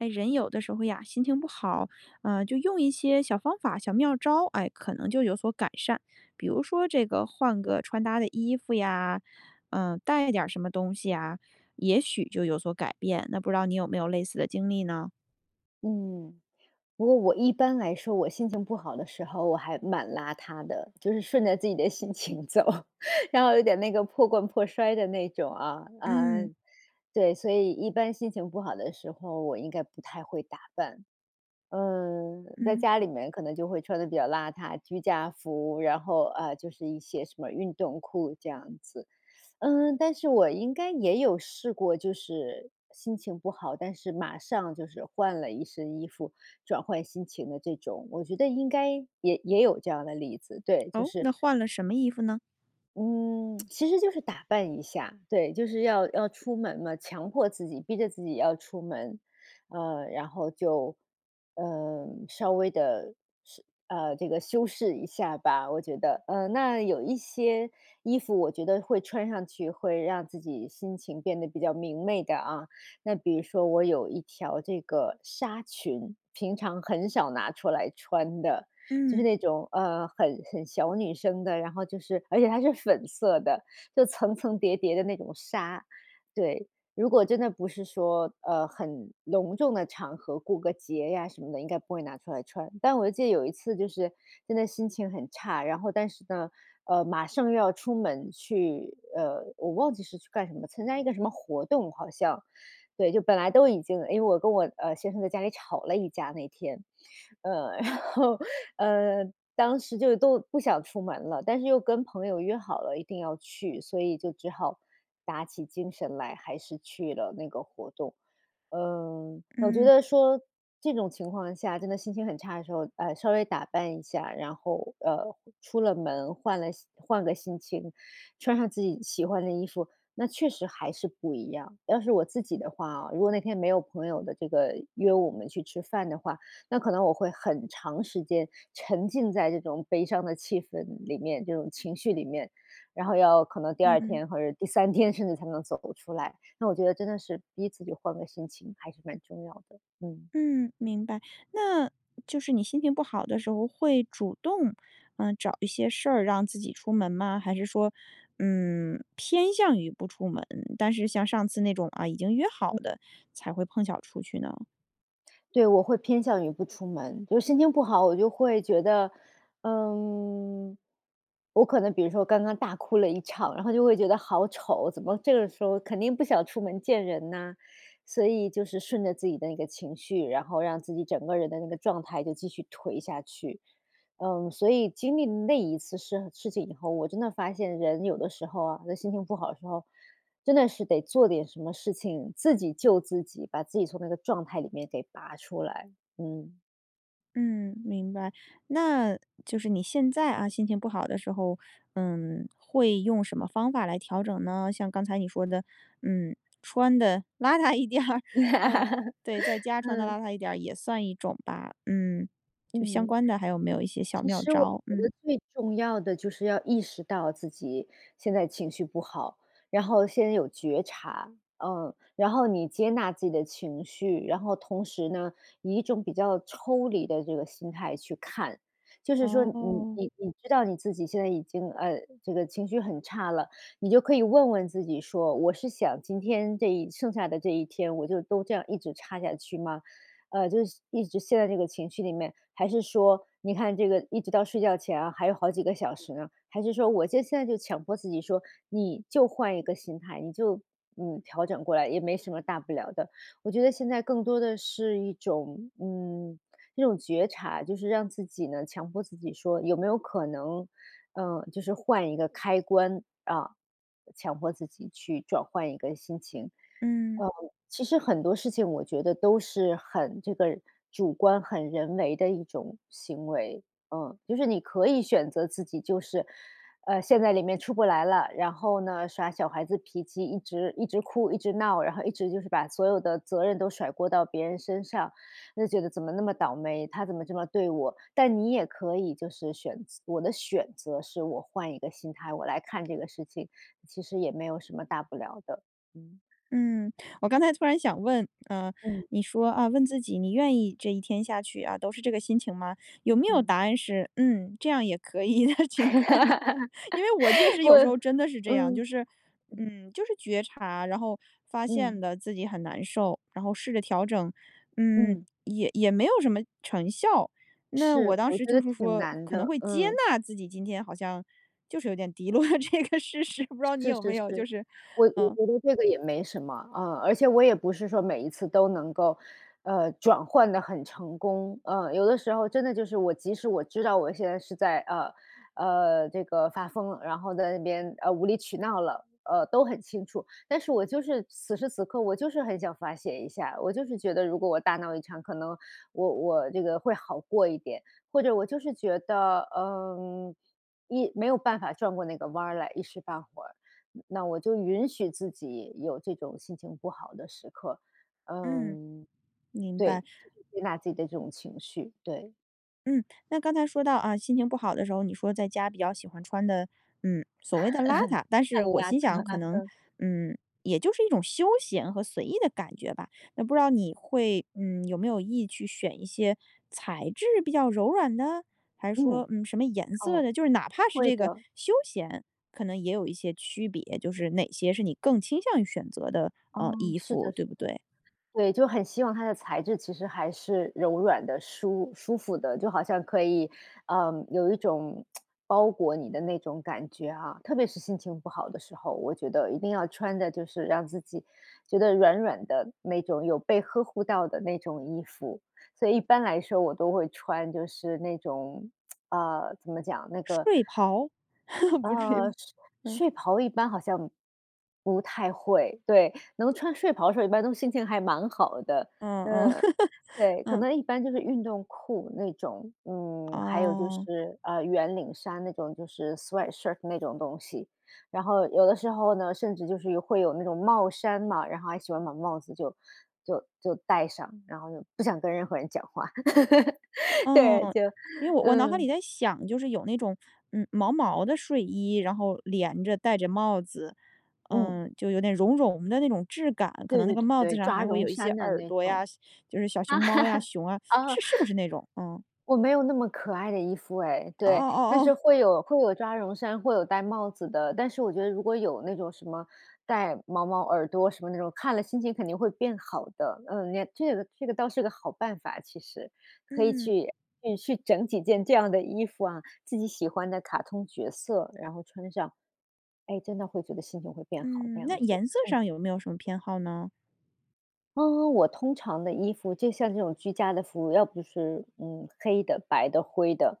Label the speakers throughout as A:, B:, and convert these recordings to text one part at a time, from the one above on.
A: 哎，人有的时候呀，心情不好，呃，就用一些小方法、小妙招，哎，可能就有所改善。比如说这个换个穿搭的衣服呀，呃，带一点儿什么东西呀，也许就有所改变，那不知道你有没有类似的经历呢？
B: 嗯，不过我一般来说我心情不好的时候，我还蛮邋遢的，就是顺着自己的心情走，然后有点那个破罐破摔的那种啊。啊，
A: 嗯。
B: 对，所以一般心情不好的时候，我应该不太会打扮。呃，在
A: 嗯。
B: 家里面可能就会穿得比较邋遢，居家服，然后，啊，就是一些什么运动裤这样子。嗯，但是我应该也有试过，就是心情不好，但是马上就是换了一身衣服，转换心情的这种，我觉得应该也也有这样的例子，对，就
A: 哦，
B: 是
A: 那换了什么衣服呢？
B: 嗯，其实就是打扮一下，对，就是要要出门嘛，强迫自己、逼着自己要出门，呃，然后就，呃，稍微地，是呃，这个修饰一下吧，我觉得。嗯，那有一些衣服我觉得会穿上去，会让自己心情变得比较明媚的啊。那比如说我有一条这个纱裙，平常很少拿出来穿的，就
A: 嗯。
B: 是那种，呃，很很小女生的，然后就是而且它是粉色的，就层层叠叠的那种纱。对，如果真的不是说，呃，很隆重的场合，过个节呀什么的，应该不会拿出来穿。但我记得有一次就是真的心情很差，然后但是呢，呃，马上要出门去，呃，我忘记是去干什么，参加一个什么活动好像，对，就本来都已经，诶，我跟我呃，先生在家里吵了一架那天。呃，然后，呃，当时就都不想出门了，但是又跟朋友约好了，一定要去，所以就只好打起精神来，还是去了那个活动。呃，我觉
A: 嗯。
B: 得说这种情况下，真的心情很差的时候，呃，稍微打扮一下，然后，呃，出了门，换了心换个心情，穿上自己喜欢的衣服，那确实还是不一样。要是我自己的话啊，如果那天没有朋友的这个，约我们去吃饭的话，那可能我会很长时间沉浸在这种悲伤的气氛里面，这种情绪里面，然后要可能第2
A: 嗯。
B: 天或者第3天甚至才能走得出来，那我觉得真的是逼自己换个心情还是蛮重要的。嗯。
A: 嗯，明白，那就是你心情不好的时候，会主动，呃，找一些事儿让自己出门吗？还是说，嗯，偏向于不出门，但是像上次那种，啊，已经约好
B: 嗯。
A: 的才会碰巧儿出去呢？
B: 对，我会偏向于不出门，就是心情不好，我就会觉得，嗯，我可能比如说刚刚大哭了一场，然后就会觉得好丑，怎么这个时候肯定不想出门见人呐。所以就是顺着自己的那个情绪，然后让自己整个人的那个状态就继续颓下去。嗯，所以经历那一次生事情以后，我真的发现人有的时候啊，就是心情不好的时候，真的是得做点什么事情，自己救自己，把自己从那个状态里面给拔出来，嗯。
A: 嗯，明白。那就是你现在啊，心情不好的时候，嗯，会用什么方法来调整呢？像刚才你说的，嗯，穿得邋遢一点儿，呃，对，在家穿得
B: 嗯。
A: 邋遢一点儿也算一种吧，嗯，就相
B: 嗯，
A: 关的还有没有一些小
B: 其
A: 妙
B: 实我
A: 招？
B: 觉
A: 嗯。
B: 得最重要的就是要意识到自己现在情绪不好，然后先有觉察。嗯，然后你接纳自己的情绪，然后同时呢，以一种比较抽离的这个心态去看。就是说你
A: 哦。
B: 你你知道你自己现在已经，呃，这个情绪很差了，你就可以问问自己说：“我是想今天这一剩下的这一天我就都这样一直差下去吗？“呃，就是一直陷在这个情绪里面？还是说你看这个一直到睡觉前啊，还有好几个小时呢，还是说我就现在就强迫自己说：“你就换一个心态，你就嗯，调整过来，也没什么大不了的。”我觉得现在更多的是一种，嗯，这种觉察，就是让自己呢强迫自己说有没有可能，呃，就是换一个开关，啊，强迫自己去转换一个心情。
A: 嗯。
B: 嗯，其实很多事情我觉得都是很这个，主观很人为的一种行为，嗯。就是你可以选择自己就是，呃，陷在里面出不来了，然后呢，耍小孩子脾气，一直一直哭、一直闹，然后一直就是把所有的责任都甩锅到别人身上。就觉得：“怎么那么倒霉，他怎么这么对我？”但你也可以就是选择我的选择是我换一个心态，我来看这个事情，其实也没有什么大不了的。嗯。
A: 嗯，我刚才突然想问，呃，
B: 嗯。
A: 你说，啊，问自己：“你愿意这一天下去，啊，都是这个心情吗？“有没有
B: 嗯。
A: 答案是“嗯，这样也可以的。”情况呢？因为我确 实
B: 我
A: 有时候真的是这样，就
B: 嗯，
A: 是，
B: 嗯。
A: 嗯，就是觉察，然后发
B: 嗯。
A: 现了自己很难受，然后试着调整，嗯，
B: 嗯。
A: 也也没有什么成效。那我
B: 是，
A: 当
B: 我
A: 时
B: 觉
A: 就
B: 得
A: 是
B: 挺
A: 说
B: 难
A: 可能
B: 的，
A: 会接
B: 嗯。
A: 纳自己今天好像就是有点低落的这个事实，不知道你
B: 是
A: 有
B: 是
A: 没有就
B: 是，
A: 是
B: 我我
A: 嗯。
B: 觉得这个也没什么，啊。而且我也不是说每一次都能够，呃，转换得很成功。呃，有的时候真的就是我即使我知道我现在是在，呃，呃，这个发疯了，然后在那边，呃，无理取闹了，呃，都很清楚。但是我就是此时此刻我就是很想发泄一下。我就是觉得如果我大闹一场，可能我我这个会好过一点，或者我就是觉得，嗯，一没有办法转过那个弯儿来，一时半会儿，那我就允许自己有这种心情不好的时刻。
A: 嗯，
B: 嗯，
A: 明
B: 对，
A: 白。
B: 就是接纳自己的这种情绪，对。
A: 嗯，那刚才说到，啊，心情不好的时候，你说在家比较喜欢穿的，嗯，所谓的邋遢，但
B: 太
A: 是
B: 邋
A: 我
B: 遢，
A: 心想可能，
B: 嗯。
A: 嗯，也就是一种休闲和随意的感觉吧，那不知道你会，嗯，有没有意去选一些材质比较柔软的？还是
B: 嗯，
A: 说，嗯，什么颜色
B: 哦，
A: 的，就是哪怕是
B: 会
A: 这个
B: 的。
A: 休闲，可能也有一些区别，就是哪些是你更倾向于选择的，
B: 哦，
A: 呃，衣
B: 是
A: 服，
B: 的，
A: 对
B: 是
A: 不
B: 的，
A: 对？
B: 对，就很希望它的材质其实还是柔软的、舒舒服的，就好像可以，呃，有一种 包裹你的那种感觉啊，特别是心情不好的时候，我觉得一定要穿的就是让自己觉得软软的，那种有被呵护到的那种衣服，所以一般来说我都会穿就是那种，啊，怎么讲，那个
A: 睡袍，不至于吧，
B: 呃，睡
A: 嗯。
B: 睡袍一般好像，不太会，对，能穿睡袍的时候一般都心情还蛮好的。
A: 嗯嗯，
B: 嗯，对，可
A: 嗯。
B: 能一般就是运动裤那种，嗯，还有就
A: 哦。
B: 是，呃，圆领衫那种，就是 sweatshirt 那种东西。然后有的时候呢，甚至就是有会有那种帽衫嘛，然后还喜欢把帽子就就就戴上，然后不想跟任何人讲话。对，
A: 嗯，
B: 就
A: 因为我我脑海
B: 嗯。
A: 里在想，就是有那种，嗯，毛毛的睡衣，然后连着、带着帽子，
B: 嗯。
A: 嗯，就有点绒绒的那种质感，可
B: 对
A: 能那
B: 对
A: 个帽子
B: 对，
A: 上
B: 抓
A: 还会
B: 绒
A: 有一些
B: 衫的
A: 耳
B: 那
A: 朵
B: 种。
A: 呀西就是小熊猫呀，熊啊，
B: 哦。
A: 是是不是那种？嗯。
B: 我没有那么可爱的衣服诶，
A: 哦哦
B: 对，但
A: 哦哦。
B: 是会有会有抓绒衫，会有带帽子的，但是我觉得如果有那种什么带毛毛耳朵什么那种，看了心情肯定会变好的。嗯，连这个这个倒是个好办法其实，可以
A: 嗯。
B: 去，去去整几件这样的衣服啊，自己喜欢的卡通角色，然后穿上。哎，真的会觉得心情会变好这
A: 嗯，那
B: 样子。
A: 颜色
B: 嗯。
A: 上有没有什么偏好呢？
B: 嗯，我通常的衣服就像这种居家的服，要不是，嗯，黑的、白的、灰的。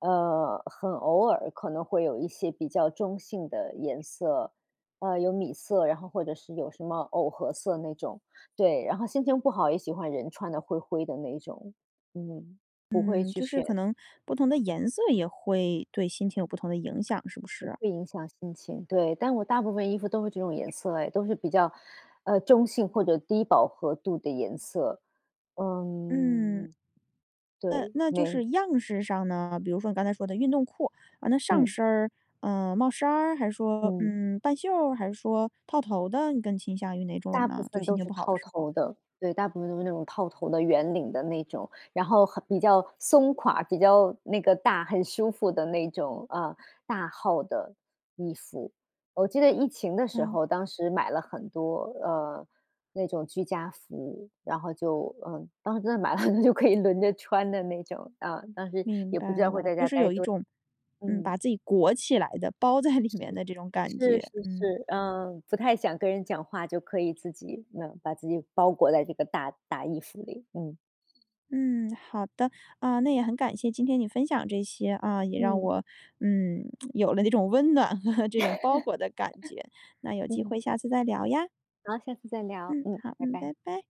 B: 呃，很偶尔可能会有一些比较中性的颜色，呃，有米色，然后或者是有什么藕荷色那种，对。然后心情不好也喜欢人穿得灰灰的那种，嗯，不会
A: 嗯，
B: 去
A: 就是
B: 选。
A: 可能不同的
B: 嗯。
A: 颜色也会对心情有不同的影响，是不
B: 也
A: 是？
B: 会影响心情，对。但我大部分衣服都是这种颜色诶，都是比较，啊，中性或者低饱和度的颜色。
A: 嗯。
B: 嗯，
A: 那
B: 对，
A: 那就
B: 没。
A: 是样式上呢？比如说你刚才说的运动裤。呃，那上
B: 嗯。
A: 身儿，嗯，帽衫儿？还说，
B: 嗯。
A: 嗯，半袖儿还是说套头的？你更倾向于哪种
B: 大部
A: 呢？就
B: 分
A: 心
B: 都
A: 情
B: 是
A: 不好的
B: 套
A: 时候。
B: 头的，对，大部分都是那种套头的、圆领的那种，然后很比较松垮，比较那个大，很舒服的那种，呃，大号的衣服。我记得疫情的时
A: 嗯。
B: 候，当时买了很多，呃，那种居家服，然后就，呃，当时真的买了就可以轮着穿的那种。啊，当时
A: 明
B: 也不知
A: 白
B: 道会
A: 了，
B: 在
A: 就
B: 家
A: 是
B: 呆
A: 有一
B: 多
A: 种，嗯，
B: 嗯。
A: 把自己裹起来的，包在里
B: 是，
A: 面的这种感
B: 是是
A: 觉。嗯。
B: 是，呃，不太想跟人讲话就可以自己嗯，把自己包裹在这个大大衣服里，嗯。
A: 嗯，好的。啊，那也很感谢今天你分享这些，啊，也让
B: 嗯。
A: 我，嗯，有了这种温暖和这种包裹的感觉。那 有机
B: 嗯。
A: 会下次再聊呀？
B: 好，下次再聊。
A: 嗯，
B: 嗯，
A: 好，
B: 拜
A: 嗯。
B: 拜。
A: 拜拜。